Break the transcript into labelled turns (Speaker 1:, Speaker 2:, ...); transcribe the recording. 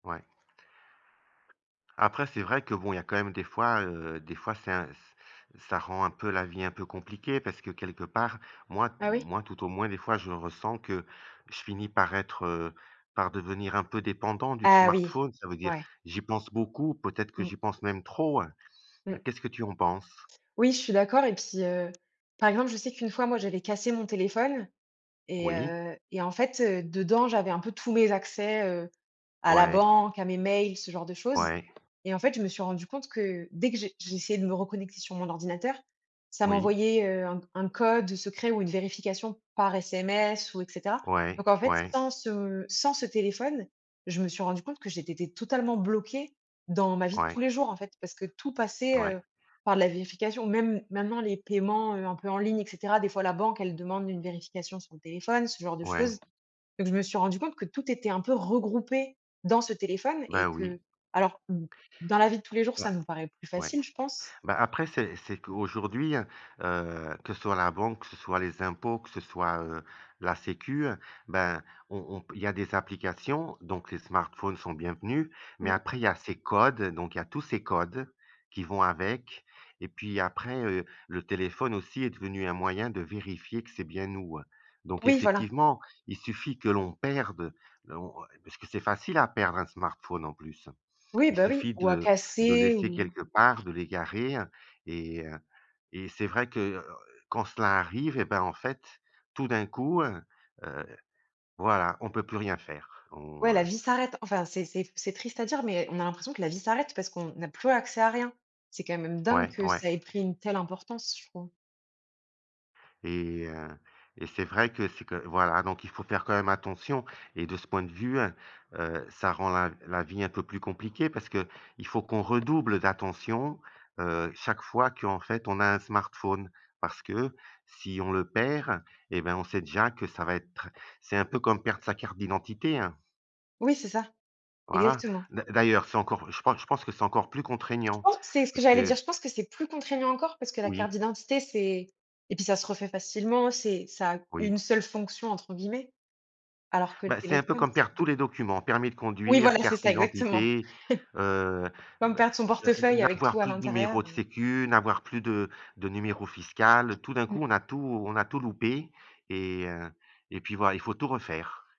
Speaker 1: Ouais. Après c'est vrai que bon, il y a quand même des fois, heu, des fois c'est un ç ça rend un peu la vie un peu compliquée parce que quelque part, moi m
Speaker 2: Ah oui?
Speaker 1: moi tout au moins des fois je ressens que je finis par être, heu, par devenir un peu dépendant du t
Speaker 2: Ah oui.
Speaker 1: smartphone. Ça veut dire
Speaker 2: Ouais.
Speaker 1: j'y pense beaucoup, peut-être que
Speaker 2: Mmh.
Speaker 1: j'y pense même trop, heu,
Speaker 2: Mmh.
Speaker 1: qu'est-ce que tu en penses?
Speaker 2: Oui, je suis d'accord et puis, heu, par exemple je sais qu'une fois moi j'avais cassé mon téléphone et
Speaker 1: Oui.
Speaker 2: heu, et en fait, heu, dedans j'avais un peu tous mes accès, heu, à la
Speaker 1: Ouais.
Speaker 2: banque, à mes mails, ce genre de choses
Speaker 1: Ouais.
Speaker 2: et en fait je me suis rendue compte que dès que je j'essayais de me reconnecter sur mon ordinateur, ça
Speaker 1: Oui.
Speaker 2: m'envoyait, heu, un un code, heu, secret ou une vérification par sms ou et cetera,
Speaker 1: Ouais.
Speaker 2: donc en fait
Speaker 1: Ouais.
Speaker 2: sans ce sans ce téléphone, je me suis rendue compte que j'étais té totalement bloquée dans ma vie de tous
Speaker 1: Ouais.
Speaker 2: les jours en fait, parce que tout passait,
Speaker 1: Ouais.
Speaker 2: heu, par la vérification. Même maintenant les paiements, heu, un peu en ligne et cetera, des fois la banque elle demande une vérification sur le téléphone, ce genre de
Speaker 1: Ouais.
Speaker 2: choses, donc je me suis rendue compte que tout était un peu regroupé dans ce téléphone
Speaker 1: Bah
Speaker 2: et que
Speaker 1: oui.
Speaker 2: alors d dans la vie de tous les jours ça
Speaker 1: Bah.
Speaker 2: nous paraît plus
Speaker 1: Ouais.
Speaker 2: facile, je pense.
Speaker 1: Bah, après c'est c'est qu'aujourd'hui, heu, que ce soit la banque, que ce soient les impôts, que ce soit, heu, la Sécurité Sociale, ben on on il y a des applications, donc les smartphones sont bienvenus, mais
Speaker 2: Mmh.
Speaker 1: après il y a ces codes, donc il y a tous ces codes qui vont avec et puis après, heu, le téléphone aussi est devenu un moyen de vérifier que c'est bien nous, hein, donc
Speaker 2: Oui voilà.
Speaker 1: effectivement il suffit que l'on perde on on parce que c'est facile à perdre un smartphone en plus.
Speaker 2: Oui,
Speaker 1: Il
Speaker 2: bah oui,
Speaker 1: suffit
Speaker 2: ou à
Speaker 1: de de
Speaker 2: casser
Speaker 1: laisser
Speaker 2: ou
Speaker 1: quelque part, de l'égarer, et heu, et c'est vrai que, heu, quand cela arrive eh bah, en fait tout d'un coup, heu voilà on peut plus rien faire. On
Speaker 2: Ouais, la vie s'arrête. Enfin c'est c'est c'est triste à dire mais on a l'impression que la vie s'arrête parce qu'on n'a plus accès à rien. C'est quand même dingue
Speaker 1: Ouais,
Speaker 2: que
Speaker 1: ouais.
Speaker 2: ça ait pris une telle importance, je trouve.
Speaker 1: Et heu, et c'est vrai que c'est quand voilà, donc il faut faire quand même attention et de ce point de vue, heu heu, ça rend la v la vie un peu plus compliquée parce qu'il faut qu'on redouble d'attention, heu, chaque fois qu'en fait on a un smartphone. Parce que si on le perd et ben on sait déjà que ça va être tr c'est un peu comme perdre sa carte d'identité, hein.
Speaker 2: Oui, c'est ça.
Speaker 1: Voilà.
Speaker 2: Exactement.
Speaker 1: D'a d'ailleurs c'est encore je pense que je pense que c'est encore plus
Speaker 2: Je
Speaker 1: contraignant,
Speaker 2: pense que c'est ce que
Speaker 1: parce
Speaker 2: j'allais dire,
Speaker 1: que
Speaker 2: je pense que c'est plus contraignant encore, parce que la carte
Speaker 1: Oui.
Speaker 2: d'identité c'est et puis ça se refait facilement c'est ça a «une
Speaker 1: Oui.
Speaker 2: seule fonction» entre guillemets, alors que le
Speaker 1: Bah, c'est un peu
Speaker 2: téléphone
Speaker 1: comme
Speaker 2: c'est
Speaker 1: perdre
Speaker 2: t
Speaker 1: tous les documents, permis de
Speaker 2: Oui
Speaker 1: conduire,
Speaker 2: voilà c'est
Speaker 1: carte
Speaker 2: ça, exactement.
Speaker 1: d'identité, heu, et
Speaker 2: Comme
Speaker 1: ben,
Speaker 2: perdre son
Speaker 1: heu, n
Speaker 2: portefeuille avec
Speaker 1: n'avoir
Speaker 2: tout à
Speaker 1: plus de numéro
Speaker 2: l'intérieur,
Speaker 1: de
Speaker 2: heu.
Speaker 1: Sécurité Sociale, n'avoir plus de de numéro fiscal. Tout d'un coup,
Speaker 2: Mmh.
Speaker 1: on a tout on a tout loupé et heu, et puis voilà il faut tout refaire.